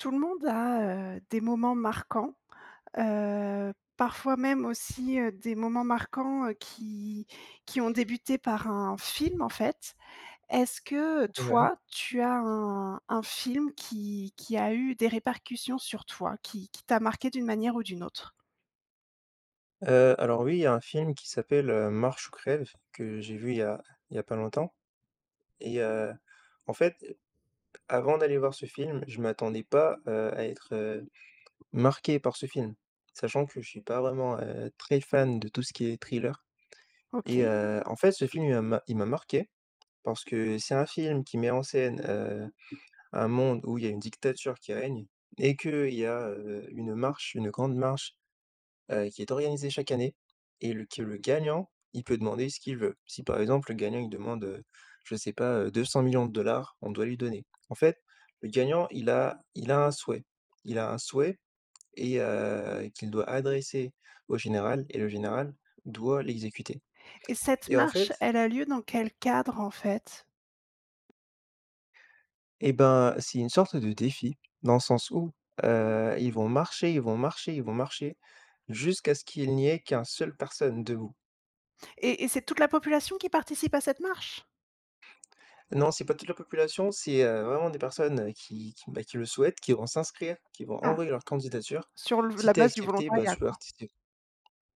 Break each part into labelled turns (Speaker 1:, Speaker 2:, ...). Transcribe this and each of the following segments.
Speaker 1: Tout le monde a, heu, des moments marquants, heu, parfois même aussi, heu, des moments marquants, heu, qui qui ont débuté par un film, en fait, est-ce que,
Speaker 2: Ouais.
Speaker 1: toi, tu as un un film qui qui a eu des répercussions sur toi, qui qui t'a marqué d'une manière ou d'une autre?
Speaker 2: Heu, alors, oui, il y a un film qui s'appelle, heu, Marche ou crève, que j'ai vu il y a il y a pas longtemps et heu, en fait, avant d'aller voir ce film je m'attendais pas, heu, à être, heu, marqué par ce film, sachant que je suis pas vraiment, heu, très fan de tout ce qui est thriller et
Speaker 1: OK.
Speaker 2: heu, en fait, ce film, il m il m'a marqué, parce que c'est un film qui met en scène, heu, un monde où il y a une dictature qui règne et qu'il y a, heu, une marche, une grande marche, heu, qui est organisée chaque année et le que le gagnant, il peut demander ce qu'il veut, si, par exemple, le gagnant, il demande, heu, je sais pas, heu, 200 000 000 de dollars, on doit lui donner, en fait, le gagnant il a il a un souhait. Il a un souhait et heu, qu'il doit adresser au général et le général doit l'exécuter
Speaker 1: Et cette
Speaker 2: et en
Speaker 1: marche,
Speaker 2: fait
Speaker 1: elle a lieu dans quel cadre, en fait?
Speaker 2: Eh ben, c'est une sorte de défi, dans le sens où, heu, ils vont marche, ils vont marcher, ils vont marcher jusqu'à ce qu'il n'y ait qu'1 seul personne debout.
Speaker 1: Et et c'est toute la population qui participe à cette marche?
Speaker 2: Non, c'est pas toute la population, c'est, heu, vraiment des personnes, heu, qui qui, bah, qui le souhaitent, qui vont s'inscrire, qui vont
Speaker 1: Ah,
Speaker 2: envoyer leur candidature,
Speaker 1: sur le v
Speaker 2: si
Speaker 1: la
Speaker 2: tu es
Speaker 1: base du
Speaker 2: accepté, bah,
Speaker 1: volontariat,
Speaker 2: tu peux
Speaker 1: quoi?
Speaker 2: partici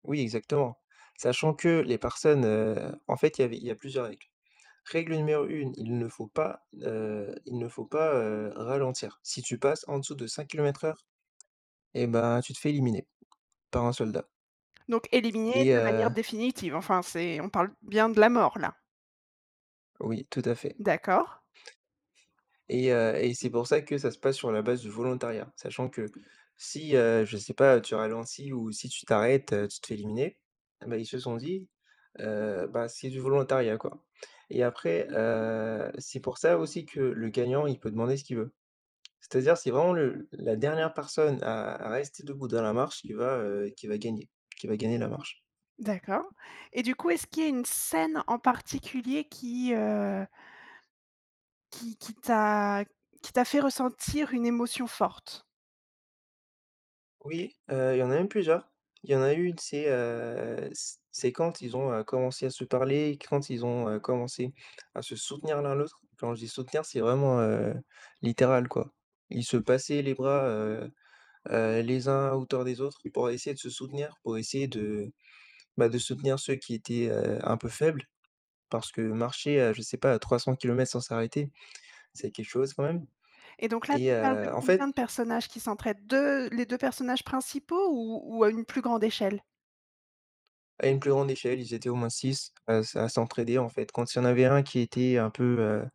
Speaker 2: oui, exactement, sachant que les personnes, heu, en fait, il y avait il y a plusieurs règles. Règle numéro 1, il ne faut pas, heu il ne faut pas, heu, ralentir, si tu passes en dessous de 5 km/h et bah, tu te fais éliminer par un soldat
Speaker 1: Donc éliminé
Speaker 2: et
Speaker 1: de manière
Speaker 2: heu
Speaker 1: définitive, enfin, c'est on parle bien de la mort, là?
Speaker 2: Oui, tout à fait.
Speaker 1: D'accord.
Speaker 2: Et heu et c'est pour ça que ça se passe sur la base du volontariat sachant que si, heu, je sais pas, tu ralentis ou si tu t'arrêtes, heu, tu te fais éliminer, ben, ils se sont dit, heu, bah, c'est du volontariat, quoi et après, heu, c'est pour ça aussi que le gagnant, il peut demander ce qu'il veut, c'est-à-dire c'est vraiment le la dernière personne à à rester debout dans la marche, qui va, heu, qui va gagner, qui va gagner la marche.
Speaker 1: D'accord et du coup, est-ce qu'il y a une scène en particulier qui, heu qui, qui t'a qui t'a fait ressentir une émotion forte?
Speaker 2: Oui, heu, il y en a même plusieurs. Il y en a une c'est, heu, c c'est quand ils ont, heu, commencé à se parler, quand ils ont, heu, commencé à se soutenir l'un, l'autre, quand je dis soutenir c'est vraiment, heu, littéral, quoi, ils se passaient les bras, heu heu, les uns à hauteur des autres pour essayer de se soutenir, pour essayer de, bah, de soutenir ceux qui étaient, heu, un peu faibles
Speaker 1: [unintelligible]
Speaker 2: parce que marcher, heu, je sais pas 300 km sans s'arrêter, c'est quelque chose quand même
Speaker 1: Et donc, là,
Speaker 2: et
Speaker 1: tu parles de
Speaker 2: heu, en
Speaker 1: combien
Speaker 2: fait
Speaker 1: de personnages qui s'entraident? 2, les 2 personnages principaux ou ou à une plus grande échelle?
Speaker 2: À une plus grande échelle, ils étaient au moins 6 à s à s'entraider, en fait, quand il y en avait un qui était un peu, heu,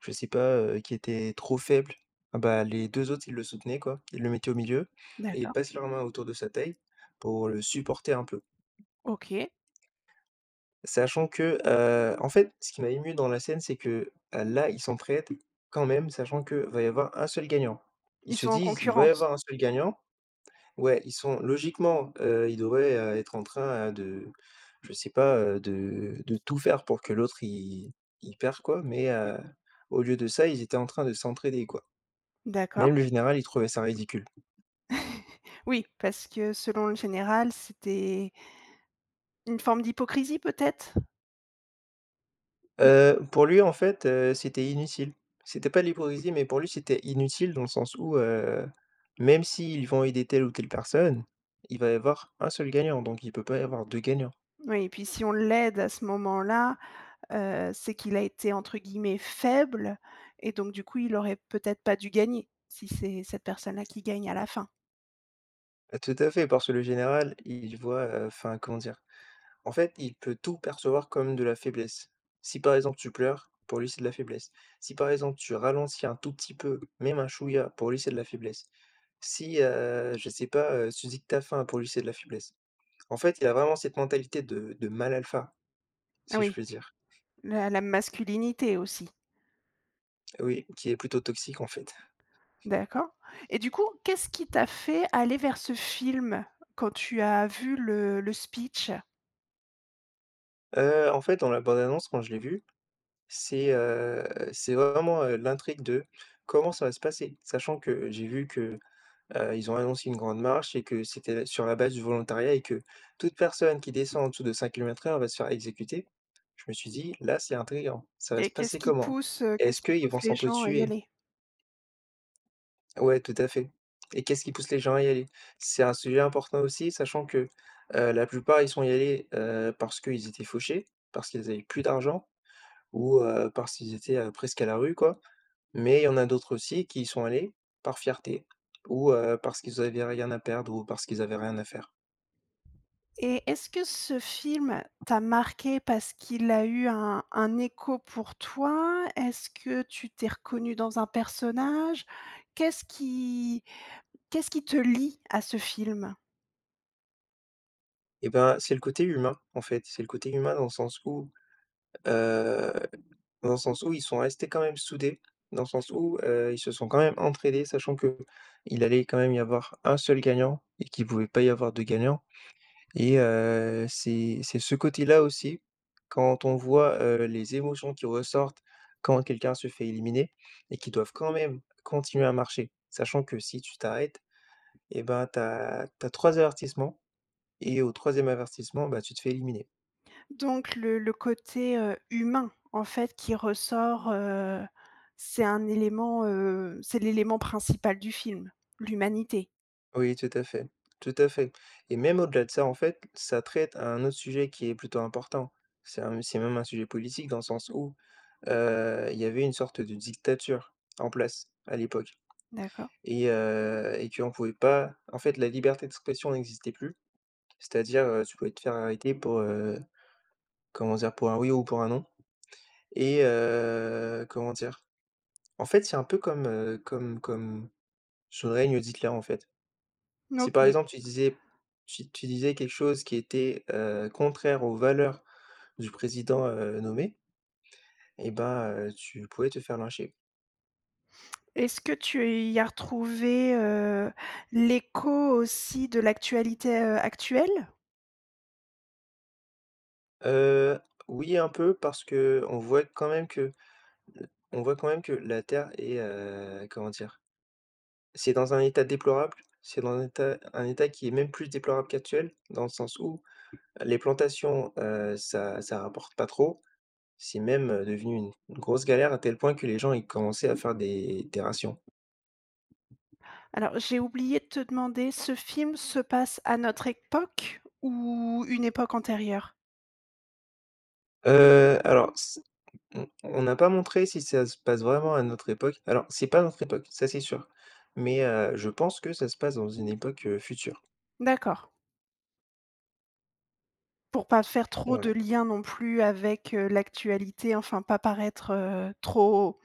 Speaker 2: je sais pas, heu, qui était trop faible, eh bah, les 2 autres, ils le soutenaient, quoi. IIs le mettaient au milieu et ils
Speaker 1: D'accord.
Speaker 2: passent leur main autour de sa taille, pour le supporter un peu
Speaker 1: OK.
Speaker 2: sachant que, heu, en fait, ce qui m'a ému dans la scène c'est que, là, ils s'entraident quand même sachant qu'il va y avoir 1 seul gagnant. Ils
Speaker 1: Ils
Speaker 2: se
Speaker 1: sont en
Speaker 2: disent: «Il va y
Speaker 1: concurrence?
Speaker 2: avoir 1 seul gagnant» ouais, ils sont logiquement, heu, ils devraient, heu, être en train, heu, de je sais pas, heu, de de tout faire pour que l'autre, il il perd, quoi mais heu, au lieu de ça, ils étaient en train de s'entraider, quoi, même
Speaker 1: D'accord.
Speaker 2: le général, il trouvait ça ridicule.
Speaker 1: Oui, parce que selon le général, c'était une forme d'hypocrisie peut-être? Mmh.
Speaker 2: Heu, pour lui, en fait, heu, c'était inutile. C'était pas de l'hypocrisie mais pour lui c'était inutile dans le sens où, heu, même s'ils vont aider telle ou telle personne, il va y avoir 1 seul gagnant donc il peut pas y avoir 2 gagnants.
Speaker 1: Oui et puis si on l'aide à ce moment-là, heu, c'est qu'il a été entre guillemets «faible» et donc, du coup, il aurait peut-être pas dû gagner, si c'est cette personne-là qui gagne à la fin?
Speaker 2: Heu, tout à fait parce que le général il voit, heu enfin, comment dire? En fait il peut tout percevoir comme de la faiblesse. Si par exemple tu pleures, pour lui c'est de la faiblesse. Si par exemple tu ralentis un tout petit peu, même un chouïa, pour lui c'est de la faiblesse. Si, heu, je sais pas, heu, tu dis que tu as faim, pour lui c'est de la faiblesse. En fait, il y a vraiment cette mentalité de de mâle alpha.
Speaker 1: Ah
Speaker 2: Si je
Speaker 1: oui?
Speaker 2: puis dire.
Speaker 1: Mais à la masculinité aussi.
Speaker 2: Oui, qui est plutôt toxique en fait.
Speaker 1: D'accord, et du coup, qu'est-ce qui t'a fait aller vers ce film quand tu as vu le le speech?
Speaker 2: Heu, en fait dans la bande-annonce quand je l'ai vue, c'est, heu, c'est vraiment, heu, l'intrigue de comment ça va se passer? Sachant que j'ai vu que, heu, ils ont annoncé une grande marche et que c'était sur la base du volontariat, et que toute personne qui descend en dessous de 5 kilomètres heure va se faire exécuter. Je me suis dit: «Là c'est intriguant. Ça va se
Speaker 1: Et qu'est-ce
Speaker 2: passer
Speaker 1: qui
Speaker 2: comment?
Speaker 1: pousse, heu,
Speaker 2: Est-ce
Speaker 1: qu'est-ce qui
Speaker 2: qu'ils vont
Speaker 1: pousse les gens à y
Speaker 2: s'entretuer?»
Speaker 1: aller?
Speaker 2: Ouais, tout à fait, et qu'est-ce qui pousse les gens à y aller? C'est un sujet important aussi sachant que, heu, la plupart ils sont y allés, heu, parce qu'ils étaient fauchés, parce qu'ils avaient plus d'argent ou, heu, parce qu'ils étaient, heu, presque à la rue quoi. Mais il y en a d'autres aussi qui y sont allés par fierté ou, heu, parce qu'ils avaient rien à perdre ou parce qu'ils avaient rien à faire.
Speaker 1: Et est-ce que ce film t'a marqué parce qu'il a eu un un écho pour toi? Est-ce que tu t'es reconnu dans un personnage? Qu'est-ce qui qu'est-ce qui te lie à ce film?
Speaker 2: Et ben, c'est le côté humain, en fait, c'est le côté humain dans le sens où, heu, dans le sens où ils sont restés quand même soudés. Dans le sens où, heu, ils se sont quand même entraidés, sachant qu'il allait quand même y avoir 1 seul gagnant et qu'il pouvait pas y avoir 2 gagnants, et heu, c'est c'est ce côté-là aussi quand on voit, heu, les émotions qui ressortent quand quelqu'un se fait éliminer et qu'ils doivent quand même continuer à marcher. Sachant que si tu t'arrêtes, et ben tu as tu as 3 avertissements et au 3e avertissement, bah, tu te fais éliminer.
Speaker 1: Donc le le côté, heu, humain en fait qui ressort, heu, c'est un élément, heu c'est l'élément principal du film, l'humanité?
Speaker 2: Oui, tout à fait, tout à fait et même au-delà de ça, en fait, ça traite à un autre sujet qui est plutôt important. C'est un c'est même un sujet politique dans le sens où, heu, il y avait une sorte de dictature en place à l'époque
Speaker 1: D'accord.
Speaker 2: et heu, et qu'on pouvait pas en fait, la liberté d'expression n'existait plus. C'est-à-dire, heu, tu pouvais te faire arrêter pour, heu, comment dire? Pour un oui ou pour un non et heu, comment dire? En fait, c'est un peu comme, heu, comme comme sous le règne d'Hitler, en fait,
Speaker 1: Mmh
Speaker 2: si, par
Speaker 1: OK.
Speaker 2: exemple, tu disais si tu disais quelque chose qui était, heu, contraire aux valeurs du président, heu, nommé eh ben, heu, tu pouvais te faire lyncher.
Speaker 1: Est-ce que tu y as retrouvé, heu, l'écho aussi de l'actualité, heu, actuelle?
Speaker 2: Heu, oui, un peu, parce qu'on voit quand même que l on voit quand même que la terre est, heu, comment dire, c'est dans un état déplorable. C'est dans un état un état qui est même plus déplorable qu'actuel dans le sens où les plantations, heu, ça ça rapporte pas trop, c'est même, heu, devenu une grosse galère à tel point que, les gens, ils commençaient à faire des des rations.
Speaker 1: Alors, j'ai oublié de te demander, ce film se passe à notre époque ou une époque antérieure?
Speaker 2: Heu, alors c on on a pas montré si ça se passe vraiment à notre époque. Alors c'est pas notre époque, ça c'est sûr mais heu, je pense que ça se passe dans une époque, heu, future.
Speaker 1: D'accord. Pour pas faire trop de
Speaker 2: Ouais.
Speaker 1: liens non plus avec, heu, l'actualité, enfin pas paraître, heu, trop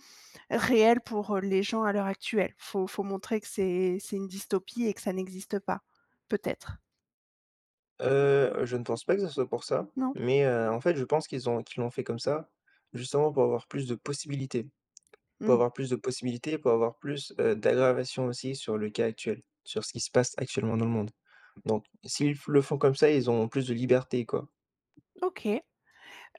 Speaker 1: réel pour, heu, les gens à l'heure actuelle. Il faut faut montrer que c'est c'est une dystopie et que ça n'existe pas, peut-être?
Speaker 2: Heu, je ne pense pas que ça soit pour ça,
Speaker 1: Non?
Speaker 2: mais heu, en fait je pense qu'ils ont qu'ils l'ont fait comme ça justement pour avoir plus de possibilités. Pour
Speaker 1: Mmh.
Speaker 2: avoir plus de possibilités, pour avoir plus, heu, d'aggravation aussi sur le cas actuel, sur ce qui se passe actuellement dans le monde, donc s'ils flo le font comme ça ils ont plus de liberté quoi.
Speaker 1: OK.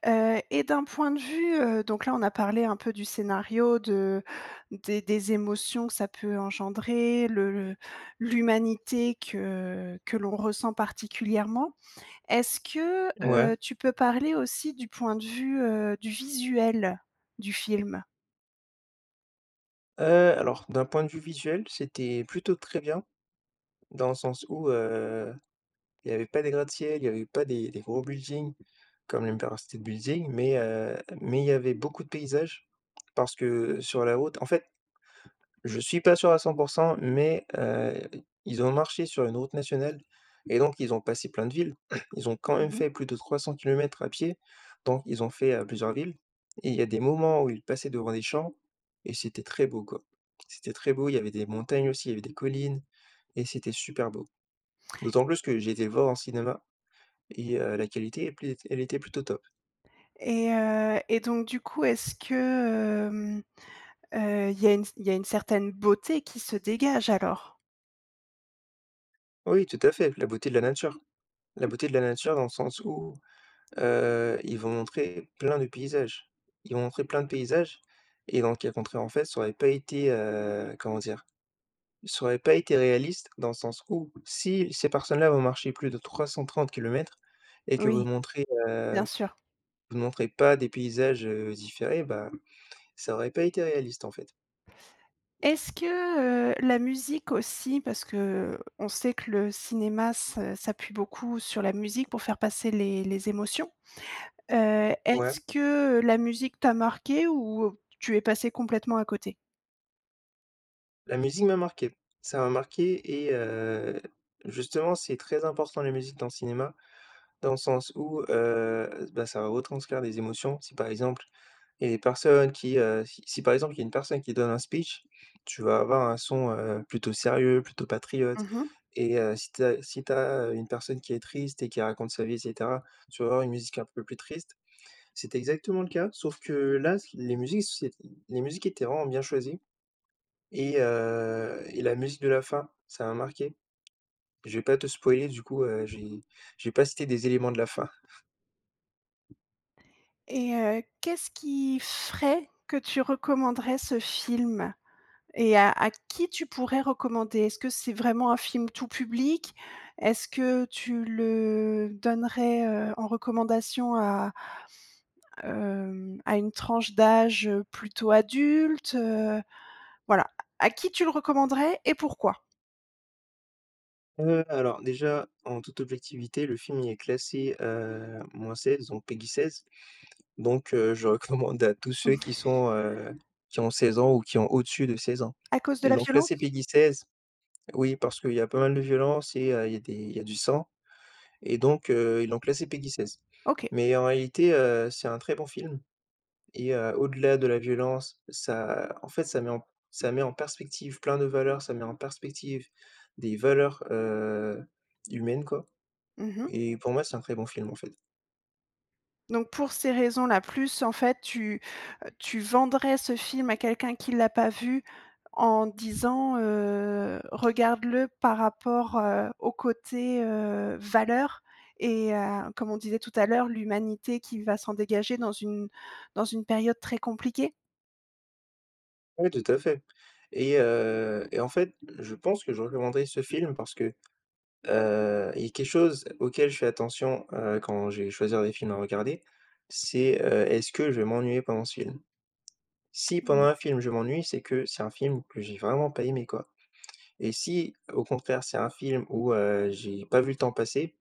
Speaker 1: Heu et d'un point de vue, heu, donc là, on a parlé un peu du scénario de des des émotions que ça peut engendrer, le le l'humanité que que l'on ressent particulièrement. Est-ce que,
Speaker 2: Ouais.
Speaker 1: heu, tu peux parler aussi du point de vue, heu, du visuel du film?
Speaker 2: Heu, alors d'un point de vue visuel, c'était plutôt très bien, dans le sens où, heu, il y avait pas des gratte-ciel, il y avait pas des des gros buildings comme l'Empire State Building mais heu, mais il y avait beaucoup de paysages. Parce que, heu, sur la route, en fait, je suis pas sûr à 100 % mais heu, ils ont marché sur une route nationale et donc ils ont passé plein de villes. Ils ont quand même
Speaker 1: Mmh mh.
Speaker 2: fait plus de 300 km à pied, donc ils ont fait, heu, plusieurs villes et il y a des moments où ils passaient devant des champs et c'était très beau quoi. C'était très beau, il y avait des montagnes aussi, il y avait des collines et c'était super beau. D'autant plus que j'ai été le voir en cinéma et heu, la qualité est plu elle était plutôt top.
Speaker 1: Et heu et donc, du coup, est-ce que, hem, heu, il y a une il y a une certaine beauté qui se dégage alors?
Speaker 2: Oui, tout à fait, la beauté de la nature. La beauté de la nature dans le sens où, heu, ils vont montrer plein de paysages. Ils vont montrer plein de paysages et dans le cas contraire, en fait, ça aurait pas été, heu, comment dire? Ça aurait pas été réaliste dans le sens où si ces personnes-là vont marcher plus de 330 km et que vous
Speaker 1: Oui.
Speaker 2: montrez,
Speaker 1: Bien
Speaker 2: heu,
Speaker 1: sûr.
Speaker 2: vous ne montrez pas des paysages, heu, différés, bah, ça aurait pas été réaliste, en fait.
Speaker 1: Est-ce que, heu, la musique aussi? Parce que, heu, on sait que le cinéma s'a s'appuie beaucoup sur la musique pour faire passer les les émotions. Heu,
Speaker 2: Ouais.
Speaker 1: est-ce que, heu, la musique t'a marqué? Ou tu es passé complètement à côté?
Speaker 2: La musique m'a marqué. Ça m'a marqué et heu, justement, c'est très important la musique dans le cinéma dans le sens où, heu, bah, ça va retranscrire des émotions. Si, par exemple, il y a les personnes qui, heu, si si, par exemple, il y a une personne qui donne un speech, tu vas avoir un son, heu, plutôt sérieux, plutôt patriote
Speaker 1: Mmh mh.
Speaker 2: et heu, si tu as si tu as, heu, une personne qui est triste et qui raconte sa vie et cetera, tu vas avoir une musique un peu plus triste. C'était exactement le cas sauf que là ce qui les musiques s les musiques étaient vraiment bien choisies et heu et la musique de la fin, ça m'a marqué. Je vais pas te spoiler du coup, heu, j'ai je vais pas citer des éléments de la fin.
Speaker 1: Et heu, qu'est-ce qui ferait que tu recommanderais ce film? Et à à qui tu pourrais recommander? Est-ce que c'est vraiment un film tout public? Est-ce que tu le donnerais, heu, en recommandation à, hem, à une tranche d'âge, heu, plutôt adulte, heu, voilà, à à qui tu le recommanderais et pourquoi?
Speaker 2: Heu, alors, déjà en toute objectivité, le film il est classé, heu, -16 donc PEGI 16 donc heu, je recommande à tous ceux qui sont, heu, qui ont 16 ans ou qui ont au-dessus de 16 ans
Speaker 1: À cause de
Speaker 2: et
Speaker 1: la
Speaker 2: donc là c'est
Speaker 1: violence?
Speaker 2: PEGI 16 oui parce qu'il y a pas mal de violence et heu, il y a des il y a du sang et donc heu, ils l'ont classé PEGI 16.
Speaker 1: OK.
Speaker 2: Mais en réalité, heu, c'est un très bon film et heu, au-delà de la violence ça en fait, ça met en ça met en perspective plein de valeurs, ça met en perspective des valeurs, heu, humaines quoi
Speaker 1: Mmh mh.
Speaker 2: et pour moi c'est un très bon film, en fait.
Speaker 1: Donc pour ces raisons-là plus en fait, heu, tu tu vendrais ce film à quelqu'un qui l'a pas vu en disant, heu,: «Regarde-le par rapport, heu, au côté, heu, valeur» et à comme on disait tout à l'heure, l'humanité qui va s'en dégager dans une dans une période très compliquée?
Speaker 2: Ouais, tout à fait et heu et en fait je pense que je recommanderais ce film parce que, heu, il y a quelque chose auquel je fais attention, heu, quand je vais choisir des films à regarder. C'est, heu, est-ce que je vais m'ennuyer pendant ce film? Si pendant
Speaker 1: Oui.
Speaker 2: un film je m'ennuie, c'est que c'est un film que j'ai vraiment pas aimé quoi et si, au contraire, c'est un film où, heu, j'ai pas vu le temps passer,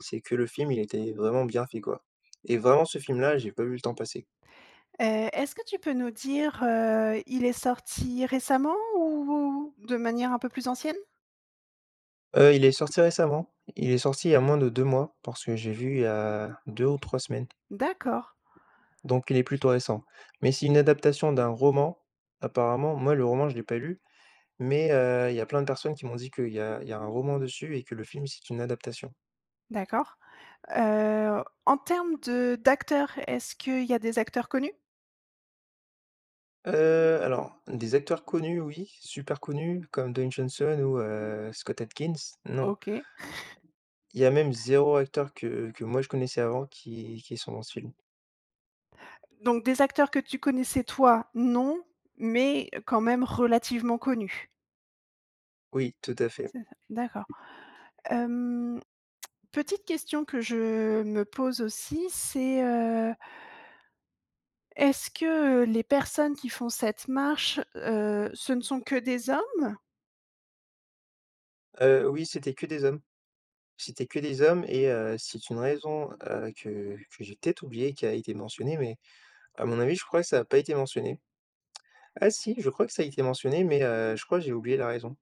Speaker 2: c'est que le film, il était vraiment bien fait, quoi et vraiment ce film-là, j'ai pas vu le temps passer.
Speaker 1: Heu, est-ce que tu peux nous dire, heu, il est sorti récemment? Ou de manière un peu plus ancienne?
Speaker 2: Heu, il est sorti récemment. Il est sorti il y a moins de 2 mois. Parce que j'ai vu il y a 2 ou 3 semaines.
Speaker 1: D'accord.
Speaker 2: Donc il est plutôt récent. Mais c'est une adaptation d'un roman apparemment. Moi le roman, je l'ai pas lu mais heu, il y a plein de personnes qui m'ont dit que, heu, il y a il y a un roman dessus et que le film c'est une adaptation.
Speaker 1: D'accord. Heu, en termes de d'acteurs, est-ce qu'il y a des acteurs connus?
Speaker 2: Heu, alors des acteurs connus, oui. Super connus comme Don Johnson ou heu, Scott Atkins non.
Speaker 1: OK.
Speaker 2: Il y a même 0 acteur que, heu, que moi je connaissais avant qui qui sont dans ce film.
Speaker 1: Donc des acteurs que tu connaissais toi, non, mais heu, quand même relativement connus?
Speaker 2: Oui tout à fait.
Speaker 1: C'est ça. D'accord. Hem, petite question que je me pose aussi, c'est, heu est-ce que, heu, les personnes qui font cette marche heu, ce ne sont que des hommes?
Speaker 2: Heu, oui c'était que des hommes, c'était que des hommes et, heu, c'est une raison, heu, que que j'ai peut-être oubliée qui a été mentionnée mais à mon avis, je crois que ça a pas été mentionné. Ah si, je crois que ça a été mentionné mais, heu, je crois j'ai oublié la raison.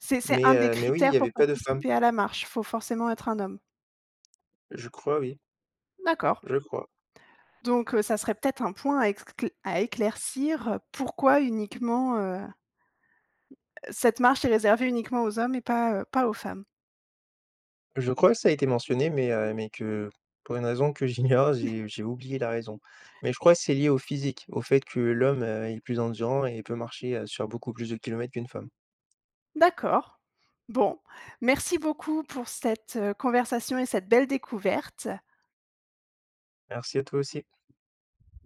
Speaker 1: C'est c'est un
Speaker 2: Mais,
Speaker 1: des
Speaker 2: heu, mais oui il
Speaker 1: critères
Speaker 2: y
Speaker 1: pour
Speaker 2: avait pas de femme.
Speaker 1: participer à la marche, il faut forcément être un homme?
Speaker 2: Je crois oui.
Speaker 1: D'accord.
Speaker 2: Je crois.
Speaker 1: Donc, heu, ça serait peut-être un point à écll à éclaircir heu, pourquoi uniquement, heu, cette marche est réservée uniquement aux hommes et pas, heu, pas aux femmes?
Speaker 2: Je crois que ça a été mentionné mais, heu, mais que pour une raison que j'ignore j'ai j'ai oublié la raison, mais je crois c'est lié au physique au fait que l'homme, heu, est plus endurant et il peut, heu, marcher sur beaucoup plus de kilomètres qu'une femme.
Speaker 1: D'accord. Bon, merci beaucoup pour cette, heu, conversation et cette belle découverte.
Speaker 2: Merci à toi aussi.